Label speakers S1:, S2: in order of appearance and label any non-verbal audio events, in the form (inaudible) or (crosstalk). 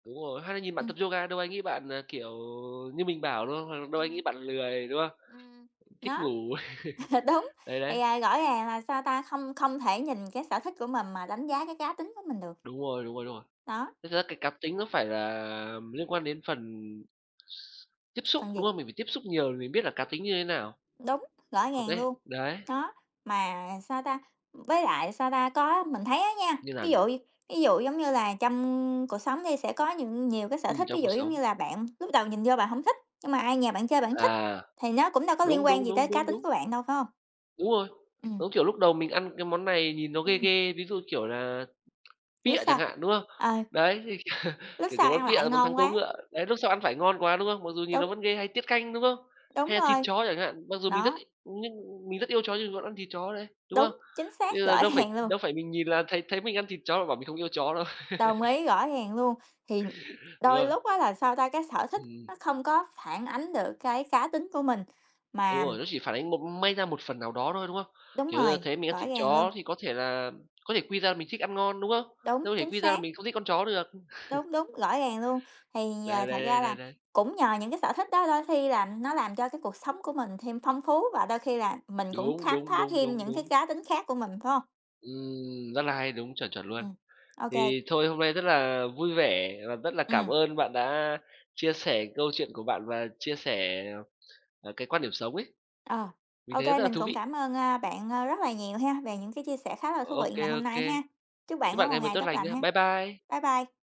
S1: Đúng rồi, hay là nhìn bạn
S2: Ừm.
S1: tập yoga đâu ai nghĩ bạn, ờ, kiểu như mình bảo, đúng không? Đâu ai
S2: Ừm.
S1: nghĩ bạn lười, đúng không?
S2: Ừm, ừm,
S1: Thích
S2: nó,
S1: ngủ.
S2: (chuckles)
S1: (chuckles)
S2: đúng.
S1: Đấy, đấy.
S2: Thì, à, rõ ràng là, sao ta, không không thể nhìn cái sở thích của mình mà đánh giá cái cá tính của mình được.
S1: Đúng rồi, đúng rồi, đúng rồi.
S2: Đó.
S1: Thực ra cái cá tính nó phải là liên quan đến phần tiếp xúc,
S2: Phân
S1: đúng
S2: gì?
S1: không? Mình phải tiếp xúc nhiều mình biết là cá tính như thế nào?
S2: Đúng, rõ
S1: Còn
S2: ràng
S1: cái
S2: luôn.
S1: đấy.
S2: Đó, mà, à, sao ta, với lại, sao ta, có mình thấy á nha,
S1: Như nào
S2: ví
S1: nhỉ?
S2: dụ đi, ví dụ giống như là trong cuộc sống đi sẽ có những nhiều cái sở
S1: Ừm,
S2: thích, ví
S1: trong cuộc
S2: dụ giống
S1: sống.
S2: như là bạn lúc đầu nhìn vô bạn hổng thích, nhưng mà ai nhè bạn chơi bạn thích,
S1: À,
S2: thì nó cũng đâu có liên
S1: đúng,
S2: quan
S1: đúng,
S2: gì tới
S1: đúng,
S2: cá
S1: đúng,
S2: tính
S1: đúng.
S2: của bạn đâu, phải hông?
S1: Đúng rồi,
S2: Ừm.
S1: giống kiểu lúc đầu mình ăn cái món này nhìn nó ghê
S2: Ừm.
S1: ghê, ví dụ, kiểu, là
S2: Lúc
S1: pịa chẳng
S2: sau,
S1: hạn, đúng không?
S2: ờ.
S1: Đấy thì (chuckles)
S2: Lúc
S1: kiểu, cái
S2: sau ăn
S1: món pịa
S2: lại
S1: là món thắng
S2: ngon
S1: cố
S2: quá.
S1: ngựa, đấy, lúc sau ăn phải ngon quá, đúng không? Mặc dù nhìn nó
S2: Đúng.
S1: vẫn ghê, hay tiết canh, đúng không?
S2: Đúng
S1: Hay là thịt
S2: rồi.
S1: chó chẳng hạn, mặc dù mình rất
S2: Nó.
S1: nhưng mình rất yêu chó nhưng vẫn ăn thịt chó đấy, đúng
S2: Đúng,
S1: không?
S2: chính
S1: Thế
S2: xác
S1: là
S2: rõ
S1: đâu phải
S2: ràng luôn.
S1: đâu phải mình nhìn là thấy thấy mình ăn thịt chó là bảo mình không yêu chó đâu.
S2: Đồng
S1: (laughs)
S2: ý, rõ ràng luôn, thì
S1: Đúng
S2: đôi
S1: không?
S2: lúc á là, sao ta, cái sở thích
S1: Ừm.
S2: nó không có phản ánh được cái cá tính của mình,
S1: Đúng
S2: mà
S1: rồi, nó chỉ phản ánh một may ra một phần nào đó thôi, đúng không?
S2: Đúng
S1: Kiểu như là,
S2: rồi,
S1: thấy mình ăn
S2: rõ
S1: thịt
S2: ràng luôn.
S1: chó thì có thể là có thể quy ra mình thích ăn ngon, đúng không?
S2: Đúng,
S1: Đâu thể
S2: chính
S1: quy ra là
S2: xác.
S1: mình không thích con chó được. (chuckles)
S2: Đúng, đúng, rõ ràng luôn. Thì, ờ,
S1: Đấy,
S2: thật
S1: đấy, đấy,
S2: ra là
S1: đấy, đấy.
S2: cũng nhờ những cái sở thích đó, đôi khi là nó làm cho cái cuộc sống của mình thêm phong phú và đôi khi là mình cũng
S1: Đúng,
S2: khám
S1: đúng,
S2: phá
S1: đúng,
S2: thêm
S1: đúng,
S2: những cái
S1: đúng.
S2: cá tính khác của mình, phải hông?
S1: Ừm, rất là hay, đúng, chuẩn, chuẩn luôn.
S2: Ừm, ô kê.
S1: Thì thôi hôm nay rất là vui vẻ và rất là cảm
S2: Ừm.
S1: ơn bạn đã chia sẻ câu chuyện của bạn và chia sẻ, ờ, cái quan điểm sống ấy,
S2: Ờ,
S1: mình
S2: ô
S1: thấy rất
S2: kê,
S1: là
S2: mình
S1: thú
S2: cũng
S1: vị.
S2: cảm ơn, ơ, bạn, ơ, rất là nhiều ha về những cái chia sẻ khá là thú
S1: Ô
S2: vị ngày
S1: kê, ô
S2: hôm nay
S1: kê.
S2: ha. Chúc bạn
S1: Chúc
S2: có
S1: bạn
S2: một
S1: ngày mới
S2: ngày
S1: tốt
S2: tốt
S1: lành
S2: lành
S1: nha.
S2: ha.
S1: Bye bye.
S2: Bye bye.